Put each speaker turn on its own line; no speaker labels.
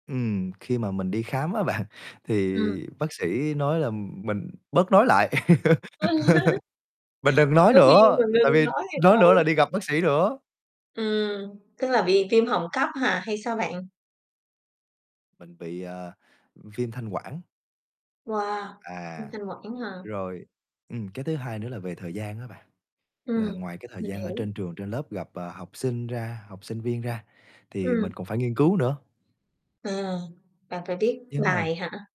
Ừm, khi mà mình đi khám á bạn, thì
Ừm.
bác sĩ nói là mình bớt nói lại.
Ừ.
Mình đừng nói
Giáo viên
nữa,
mà
ừ, tại
ngưng
vì
nói thì
nói nữa
thôi.
là đi gặp bác sĩ nữa.
Ừm, tức là bị viêm họng cấp hả, hay sao bạn?
Mình bị, à, ừm, viêm thanh quản.
Wow! Viêm
À.
thanh quản hả?
Rồi. Ừm, cái thứ hai nữa là về thời gian á bạn. Là
Ừm.
ngoài cái thời
Mình
gian ở
hiểu.
trên trường trên lớp gặp, ờ, học sinh ra học sinh viên ra thì
Ừm.
mình còn phải nghiên cứu nữa.
Ừ. Bạn phải viết
Nếu mà
bài hả?